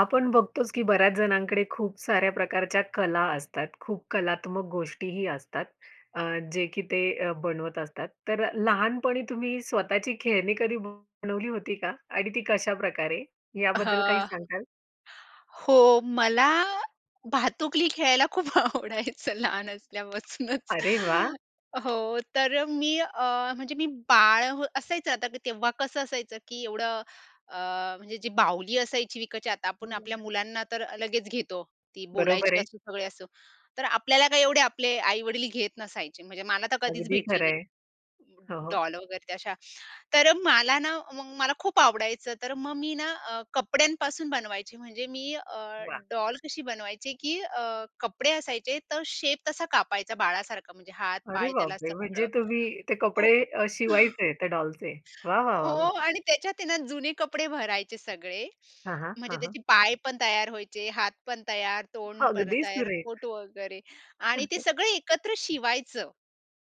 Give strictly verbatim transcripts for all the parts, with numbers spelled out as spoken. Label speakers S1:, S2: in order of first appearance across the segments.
S1: आपण बघतोच की बऱ्याच जणांकडे खूप साऱ्या प्रकारच्या कला असतात. खूप कलात्मक गोष्टीही असतात अ, जे की ते अ बनवत असतात. तर अ, लहानपणी तुम्ही स्वतःची खेळणी कधी बनवली होती का? आणि ती कशाप्रकारे याबद्दल काही
S2: हां.
S1: सांगाल?
S2: हो मला
S1: [unintelligible]
S2: भातुकली खेळायला खूप आवडायचं लहान असल्यापासूनच.
S1: अरे वाह!
S2: हो, तर अ, मी अ, म्हणजे मी बाळ हं असायचं आता तेव्हा कसं असायचं की एवढं अ, म्हणजे जी बाहुली असायची विकतची आता
S1: हं,
S2: आपण
S1: हं,
S2: आपल्या
S1: हं.
S2: मुलांना तर लगेच घेतो ती
S1: बरोबर
S2: बोलायची
S1: आहे.
S2: असू, सगळे असो. तर आपल्याला काय एवढे आपले आई-वडील घेत नसायचे. म्हणजे मला तर कधीच
S1: अगदी
S2: भेटली
S1: खरं
S2: नाही
S1: आहे. हो, हो.
S2: डॉल वगैरे ते अशा. तर अ, मला ना मग मला खूप आवडायचं तर मग मी ना अ, कपड्यांपासून बनवायचे. म्हणजे मी अ,
S1: वाह!
S2: डॉल कशी बनवायची की अ, कपडे असायचे, तर शेप तसा कापायचा बाळासारखा म्हणजे हात,
S1: अरे
S2: पाय त्याला
S1: बापरे! म्हणजे
S2: सगळं.
S1: तुम्ही ते
S2: हो.
S1: कपडे अ, शिवायचे ते डॉलचे. वाह! वाह!
S2: हो
S1: वाह! वाह!
S2: आणि त्याच्यात आहे ना, जुने कपडे भरायचे सगळे
S1: हां, हां.
S2: म्हणजे
S1: हां, हां.
S2: त्याचे पाय पण तयार व्हायचे, हात पण तयार, तोंड पण
S1: अगदी
S2: तयार, पोट
S1: सुरेख.
S2: वगैरे आणि ते सगळे एकत्र शिवायचं.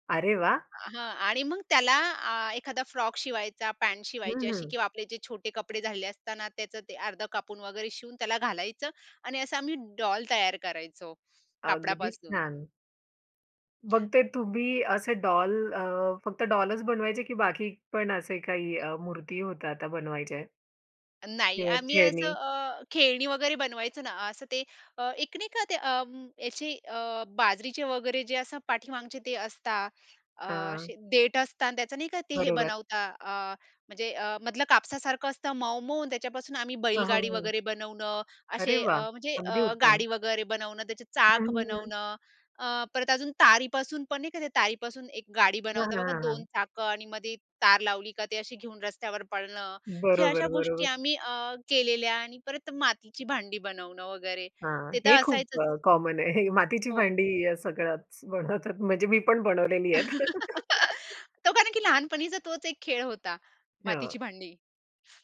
S1: अरे वाह!
S2: हां आणि मग त्याला आ, एखादा फ्रॉक शिवायचा, पॅन्ट शिवायची
S1: हं,
S2: अशी
S1: हं.
S2: किंवा आपले जे छोटे कपडे झालेले असता ना, त्याचं ते अर्धं कापून वगैरे शिवून त्याला घालायचं आणि असा आम्ही डॉल तयार करायचो,
S1: अगदीच,
S2: कापडापासून.
S1: छान. मग ते तुम्ही असे डॉल अ, फक्त डॉलच बनवायचे की बाकी पण असे काही अ, मूर्ती होत्या त्या बनवायचे?
S2: नाही
S1: किंवा
S2: आम्ही असं
S1: खेळणी?
S2: अ, खेळणी वगैरे बनवायचं ना, असं ते एक नाही का अ, याची अ, बाजरीचे वगैरे जे असं पाठीमागचे ते असतात. अ,
S1: हां.
S2: असे देठ असतं अन् त्याचं नाही का, ते हे
S1: बरोबर.
S2: बनवता अ, म्हणजे अ, मधलं कापसासारखं असतं मऊ-मऊ अन् त्याच्यापासून आम्ही
S1: हां, हो.
S2: बैलगाडी
S1: हो.
S2: वगैरे बनवणं.
S1: अरे
S2: असे
S1: वाह!
S2: अ, म्हणजे
S1: अगदी
S2: अ,
S1: उत्तम.
S2: गाडी वगैरे बनवणं, त्याचे
S1: हं,
S2: चाक
S1: हं. हं.
S2: बनवणं. अ, परत अजून तारीपासून पण नाही का, ते तारीपासून एक गाडी
S1: हां,
S2: बनवता,
S1: हां,
S2: बघा
S1: हां,
S2: दोन
S1: हां.
S2: चाकं आणि मध्ये तार लावली का ते अशी घेऊन रस्त्यावर पळणं. हे अशा
S1: बरोबर.
S2: गोष्टी
S1: बरोबर.
S2: आम्ही अ, केलेल्या आणि परत मातीची भांडी बनवणं वगैरे,
S1: हां,
S2: ते तर
S1: हे खूप
S2: असायचंच.
S1: अ, कॉमन आहे. हे मातीची
S2: हो.
S1: भांडी या सगळ्याच बनवतात म्हणजे मी पण बनवलेली आहेत.
S2: तो कारण की लहानपणीचा तोच एक खेळ होता.
S1: हो.
S2: मातीची भांडी.